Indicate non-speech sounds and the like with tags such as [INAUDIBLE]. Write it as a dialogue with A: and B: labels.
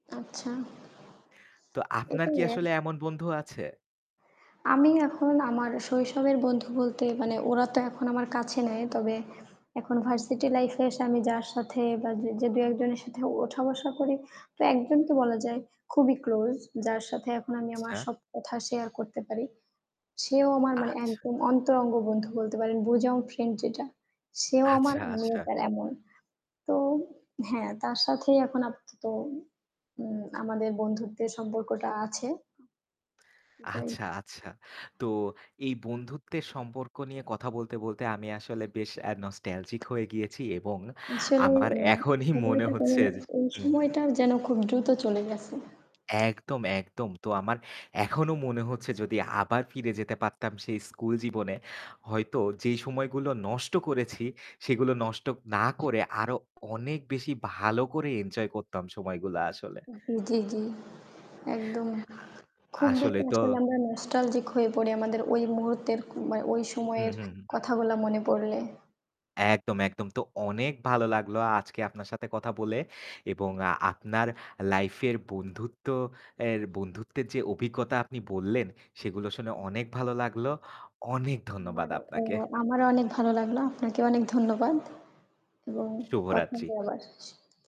A: আচ্ছা।
B: তো আপনার
A: এটাই,
B: কি
A: এ
B: আসলে এমন বন্ধু আছে?
A: আমি এখন আমার শৈশবের বন্ধু বলতে মানে ওরা তো এখন আমার কাছে নেয়। তবে এখন ভার্সিটি
B: উহু।
A: লাইফ এ এসে আমি যার সাথে বা জ যে দু একজনের সাথে ওঠা বসা করি, তো একজনকে বলা যায় খুবই ক্লোজ। যার সাথে এখন আমি আমার
B: আচ্ছা।
A: সব কথা শেয়ার করতে পারি। সেও আমার মানে
B: আচ্ছা।
A: একদম অন্তরঙ্গ বন্ধু বলতে পারেন। বুজাম ফ্রেন্ড যেটা, সেও আমার
B: আচ্ছা,
A: আমিও
B: আচ্ছা।
A: তার এমন। তো হ্যাঁ, তার সাথেই এখন আপাতত উ আমাদের বন্ধুত্বের সম্পর্কটা আছে। এটাই
B: আচ্ছা, আচ্ছা। তো এই বন্ধুত্বের সম্পর্ক নিয়ে কথা বলতে, বলতে আমি আসলে বেশ আ নস্টালজিক হয়ে গিয়েছি এবং
A: আসলে
B: আমার
A: মানে
B: এখনই মনে
A: সময়টা
B: হচ্ছে যে
A: [UNINTELLIGIBLE] এই
B: হু, হু।
A: সময়টা যেন খুব দ্রুত চলে গেছে।
B: একদম, একদম তো আমার এখনো মনে হচ্ছে যদি আবার ফিরে যেতে পারতাম সেই স্কুল জীবনে হয়তো যেই সময়গুলো নষ্ট করেছি সেগুলো নষ্ট না করে আরো অনেক বেশি ভালো করে এনজয় করতাম সময়গুলা আসলে।
A: জ্বী, জ্বী, জ্বী, একদম
B: আ
A: খুব
B: আসলে
A: বেশি
B: তো
A: আসলে আমরা নস্টালজিক হয়ে পড়ি আমাদের ওই মুহূর্তের মা ওই
B: হু,
A: সময়ের
B: হু, হু।
A: কথাগুলা মনে পড়লে।
B: একদম, একদম তো অনেক ভালো লাগলো আজকে আপনার সাথে কথা বলে এবং আপনার লাইফ এর বন্ধুত্ব এ বন্ধুত্বের যে অভিজ্ঞতা আপনি বললেন সেগুলো শুনে অনেক ভালো লাগলো। অনেক ধন্যবাদ
A: আমারও অ
B: আপনাকে।
A: আমারও অনেক ভালো লাগলো। আপনাকেও অনেক ধন্যবাদ। এবং কথা
B: শুভরাত্রি।
A: হবে আবার। স